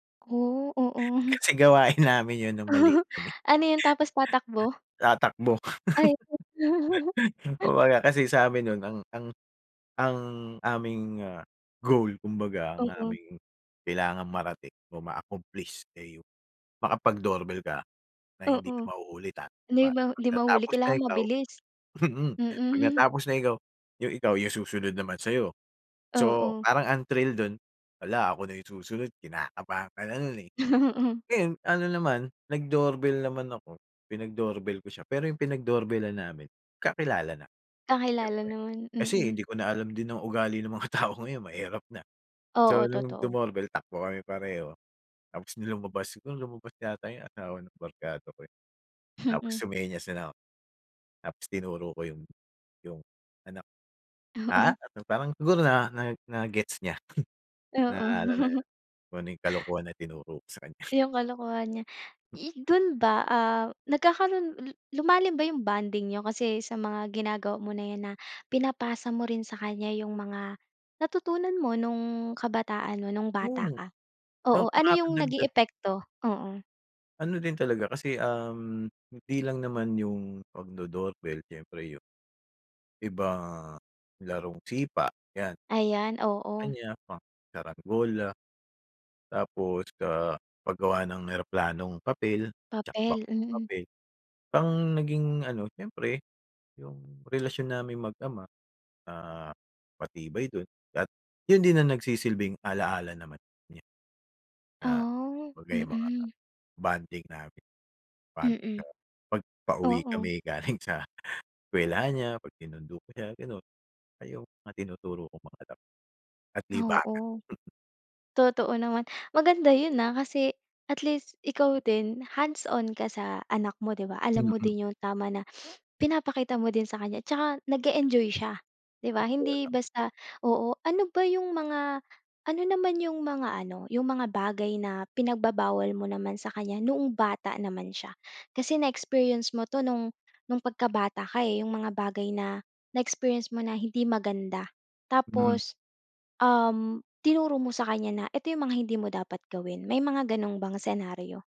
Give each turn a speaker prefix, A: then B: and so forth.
A: Oh. Oo.
B: Kasi, gawin namin 'yon no'ng maliit kami.
A: Ano 'yon? Tapos tatakbo?
B: Tatakbo.
A: Ay.
B: Kumbaga, kasi sa amin no'n, ang ang ang aming, ah, goal, kumbaga, ang
A: Oo.
B: aming, kailangang marating o ma-accomplish, eh, yung, makapag-doorbell ka na hindi
A: Oo.
B: ka mahuhuli, tatakbo
A: Hindi
B: ka.
A: ba
B: 'Pag
A: hindi mahuhuli,
B: natapos na
A: kailangan
B: ikaw
A: mabilis.
B: mm, 'pag
A: Mm.
B: natapos na ikaw yung ikaw, yung susunod naman sa'yo. So,
A: Oo.
B: parang ang thrill do'n, "Hala, ako na yung susunod", kinakabahan ka na no'n, eh.
A: Oo.
B: Ngayon, ano naman, nag-doorbell naman ako, pinag-doorbell ko siya, pero yung pinag-doorbell-lan namin, kakilala na,
A: Kakilala
B: siyempre.
A: naman,
B: Kasi,
A: mm.
B: hindi ko na alam din ang ugali ng mga tao ngayon, mahirap na. So,
A: Oo,
B: no'ng
A: totoo.
B: dumorbell, takbo kami pareho, tapos no'ng lumabas siguro lumabas yata yung asawa ng barkada ko, eh, tapos
A: Mm.
B: sumenyas na lang ako. Tapos tinuro ko yung yung anak, ah,
A: Oo.
B: ano, parang siguro na na na-gets niya,
A: Oo.
B: na ano na 'yon, kung ano yung kalokohan na tinuro ko sa kan
A: Yung kalokohan niya. I do'n ba, ah, nagkakaroon lu lumalim ba yung bonding niyo, kasi sa mga ginagawa mo na yan na, pinapasa mo rin sa kanya yung mga, natutunan mo no'ng, kabataan mo, no'ng bata
B: Oo.
A: ka? Oo.
B: Yung
A: Ano yung naging
B: makadagdag 'yon
A: epekto? Oo.
B: Ano din talaga kasi, um, hindi lang naman yung, pag-do-doorbell, siyempre yung ibang larong sipa, 'yan.
A: Ayan, oo.
B: Kaniya, pang, sarangola. Tapos, ah, paggawa ng eroplanong papel, tsaka
A: Papel,
B: bangkang
A: mm.
B: papel. Ang naging ano, siyempre, yung relasyon naming mag-ama, ah, matibay do'n, at 'yon din ang nagsisilbing ala-ala naman niya. Na,
A: Ah,
B: 'kumbaga yung mga
A: mm.
B: bonding namin, 'pag,
A: Mm.
B: ah, 'pag pauwi
A: Oo.
B: kami galing sa, eskwelahan niya, 'pag sinundo ko siya, gano'n. Ayun, mga tinuturo kong mga laro at libangan.
A: Oo. Totoo naman. Maganda 'yon, ah, kasi, at least, ikaw din, hands-on ka sa anak mo, 'di ba? Alam mo
B: Mm.
A: din yung tama na, pinapakita mo din sa kanya, tsaka nag e-enjoy siya, 'di ba?
B: Saktuhan
A: Hindi
B: lang.
A: basta oo, ano ba yung mga ano naman yung mga ano, yung mga bagay na, pinagbabawal mo naman sa kanya, noong bata naman siya? Kasi na-experience mo 'to no'ng, no'ng pagkabata ka, eh, yung mga bagay na, na-experience mo na hindi maganda.
B: Hmm.
A: Tapos, um, tinuro mo sa kanya na, "Eto yung mga hindi mo dapat gawin". May mga gano'n bang scenario?